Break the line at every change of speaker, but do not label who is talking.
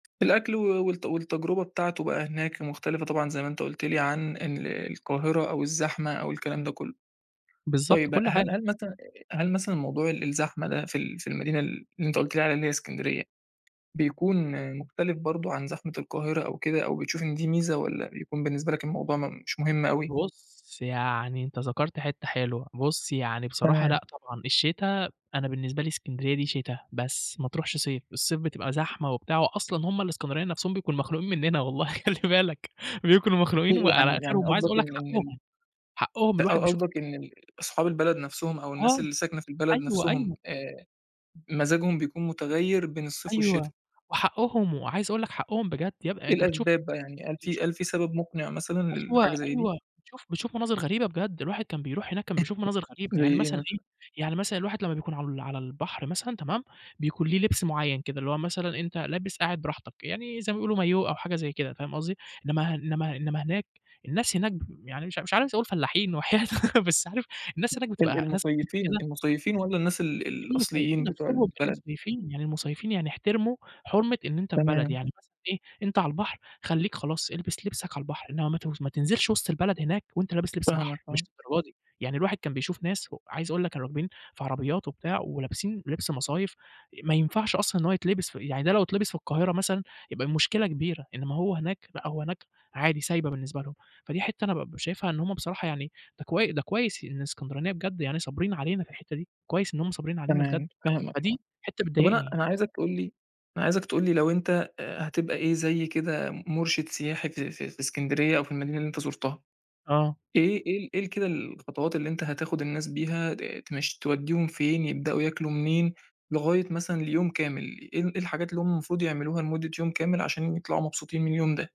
الأكل و والت والتجربة بتاعته بقى هناك مختلِفة طبعًا زي ما أنت قُلت لي عن ال القاهرة أو الزحمة أو الكلام ده كلّه.
بالضبط،
طيب بقى
كلّ
هل
حاجة.
هل مثلًا آآ، هل مثلًا موضوع ال الزحمة ده في ال في المدينة اللي أنت قُلت لي عليها إسكندرية بيكون مختلِف برضه عن زحمة القاهرة أو كده أو بتشوف إن دي ميزة والّا بيكون بالنسبة لك الموضوع م مش مهم أوي؟
بُصّ، يعني أنت ذكَرت حِتّة حلوة، بُصّ يعني بصراحة
تمام.
لأ طبعًا الشتا، أنا بالنسبة لي إسكندرية دي شتا بس، ما ترُوحش صيف، الصيف بتبقى زحمة وبتاع وأصلًا هُم الإسكندرانية نَفسهم بيكونوا مخنوقين منّنا والله، خلِّ بالك بيكونوا مخنوقين
في
وعلى
يعني يعني
آخِرهم وعايز
قصدَك
أقول لك
إن ال
حقّهم، حقّهم من اللي
أ
الواحد
ق
بيشوف
قصدَك إن ال أصحاب البلد نَفسهم أو الناس
آه،
اللي ساكنة في البلد
أيوه،
نَفسهم
أيوه.
آآ مزاجهم بيكون مُتغيّر بين الصيف والشتا؟
أيوه وحقّهم وعايز أقول لك حقّهم بجد يبقى
إيه
أنت بتشوف،
الأسباب بقى، يعني هل في
بتشوف
هل في سبب مقنِع مثلًا
أيوه،
للحاجة زي دي؟
أيوه شوف بتشوف مناظر غريبة، بجد الواحد كان بيرُوح هناك كان بيشوف مناظر غريبة
زي
يعني
إيه
مثلًا إيه،
مثلًا؟
يعني مثلًا الواحد لما بيكون على ال على البحر مثلًا تمام، بيكون ليه لِبس معيّن كده اللي هو مثلًا أنت لابس قاعد براحتك يعني زي ما بيقولوا مايوه أو حاجة زي كده فاهم قصدي، إنما إنما إنما هناك الناس، هناك ب يعني مش مش عايز أقول فلّاحين وحياة أ بس عارف الناس هناك
ال
بتبقى ناس [unintelligible]
المُصيّفين،
كده.
المصيفين والّا الناس ال ال
المُصيّفين
الأصليين بتوع
نَفسهم،
البلد؟
المُصيّفين، يعني المُصيّفين يعني احتِرموا حُرمة إن أنت في بلد
تمام.
يعني مثلًا إيه، أنت على البحر خلّيك خلاص إلبس لِبسك على البحر، إنما ما ت ما تنزِلش وِسط البلد هناك وأنت لابس لِبس
فاهمك،
بحر، مش
آه.
للدرجة دي يعني، الواحد كان بيشوف ناس و عايز أقول لك كانوا راكبين في عربيات وبتاع ولابسين لِبس مصايف ما ينفعش أصلًا إن هو يتلِبس ف يعني ده لو يتلِبس في القاهرة مثلًا يبقى المشكلة كبيرة، إنما هو هناك، لأ هو هناك عادي سايبة بالنسبة لهم، فدي حِتّة أنا بابقى شايفها إن هُم بصراحة يعني ده كوي ده كويس إن الإسكندرانية بجد يعني صابرين علينا في الحِتّة دي، كويس إن هُم صابرين علينا بجد،
تمام، فاهمك طبعًا،
فدي حِتّة
طَب أنا أنا
بتضايقني.
عايزك تقول لي أنا عايزك تقول لي لو أنت آآ هتبقى إيه زي كده مرشِد سياحي في في في إسكندرية أو في المدينة اللي أنت زُرتها،
آه.
إيه إيه إيه كده الخطوات اللي أنت هتاخد الناس بيها د تمش توّديهم فين؟ يبدأوا ياكلوا منين؟ لغاية مثلًا اليوم كامِل، إيه إيه الحاجات اللي هُم المفروض يعملوها لمدّة يوم كامل عشان يطلَعوا مبسوطين من اليوم ده؟